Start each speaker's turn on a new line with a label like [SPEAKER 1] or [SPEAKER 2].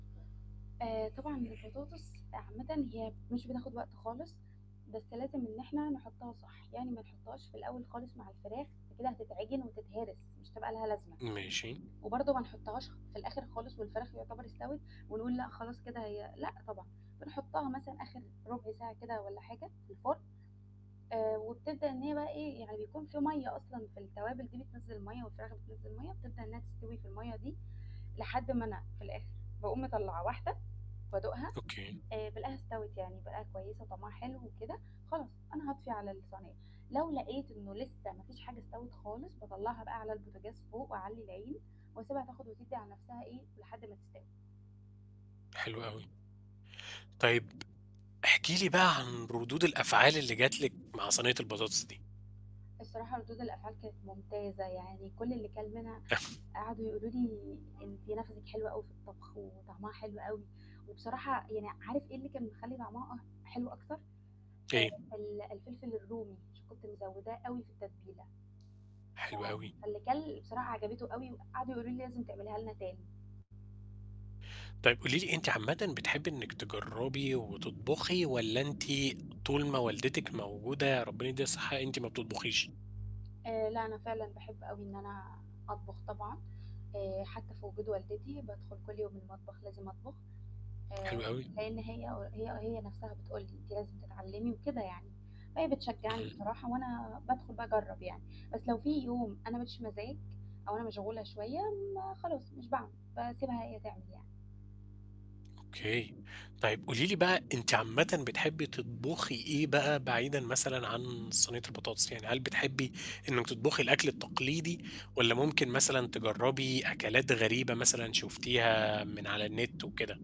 [SPEAKER 1] آآ طبعًا البطاطس عامةً هي مش بتاخد وقت خالص، بس لازم إن إحنا نحطها صح، يعني ما نحطهاش في الأول خالص مع الفراخ فكده هتتعجن وتتهرس مش هتبقى لها لازمة،
[SPEAKER 2] ماشي.
[SPEAKER 1] وبرضه ما نحطهاش في الآخر خالص والفراخ يعتبر استوت، ونقُول لأ خلاص كده هي لأ طبعًا، بنحطها مثلًا آخر رُبع ساعة كده والّا حاجة في الفرن، آآ وبتبدأ إن هي بقى إيه يعني يكون في مَيّة أصلًا في التوابل دي بتنزّل المَيّه، والفراخ بتنزّل مَيّه، بتبدأ إنها تستوي في المَيّه دي، لحد ما أنا في الآخر باقوم مطلّعة واحدة بادوقها
[SPEAKER 2] أوكي.
[SPEAKER 1] آآ بالقاها استوت يعني بالقاها كويسة وطعمها حلو وكده، خلاص أنا هاطفي على الصنيّة، لو لقيت إنه لِسّه ما فيش حاجة استوت خالص باطلّعها بقى على البوتاجاز فوق وأعلّي العين واسيبها تاخد وتدّي على نَفْسها إيه، لحد ما تستوي.
[SPEAKER 2] حلو أوي. طيب احكِ لي بقى عن ردود الأفعال اللي جات لِك مع صنية البطاطس دي.
[SPEAKER 1] الصراحة ردود الأفعال كانت ممتازة، يعني كُل اللي كَل منها قعدوا يقولوا لي: "أنتِ نَفَسِك حلو أوي في الطبخ وطعمها حلو أوي."، وبصراحة يعني عارف إيه اللي كان مخلّي طعمها حلو أكتر، آآ
[SPEAKER 2] إيه؟
[SPEAKER 1] ال الفلفل الرومي عشان كنت مزوّداه أوي في التتبيلة. ف
[SPEAKER 2] حلو أوي.
[SPEAKER 1] فاللي كَل بصراحة عجبته أوي وقعدوا يقولوا لي: "لازم تعمليها لنا تاني."
[SPEAKER 2] طيب قُولِي لي أنتِ عامةً بتحبي إنك تجرّبي وتطبخي والّا أنتِ طول ما والدتِك موجودة، ربنا يدّيها الصحة، أنتِ ما بتطبخيش؟
[SPEAKER 1] آآ لأ أنا فعلًا باحب أوي إن أنا أطبخ طبعًا، آآ حتى في وجود والدتي بادخل كل يوم المطبخ لازم أطبخ،
[SPEAKER 2] حلو
[SPEAKER 1] آآ
[SPEAKER 2] أوي.
[SPEAKER 1] لأن هي هي هي نَفْسها بتقُول لي: "أنتِ لازم تتعلمي." وكده يعني، فهي بتشجّعني
[SPEAKER 2] اهم.
[SPEAKER 1] بصراحة وأنا بادخل باجرّب يعني، بس لو في يوم أنا ما ليش مزاج أو أنا مشغولة شوية ما خلاص مش باعمل، باسيبها هي تعمل يعني.
[SPEAKER 2] أوكي. طيب قُولِي لي بقى أنتِ عامةً بتحبي تطبخي إيه بقى بعيدًا مثلًا عن صنيّة البطاطس يعني؟ هل بتحبي إنك تطبخي الأكل التقليدي والّا ممكن مثلًا تجرّبي أكلات غريبة مثلًا شُفتيها من على النت وكده؟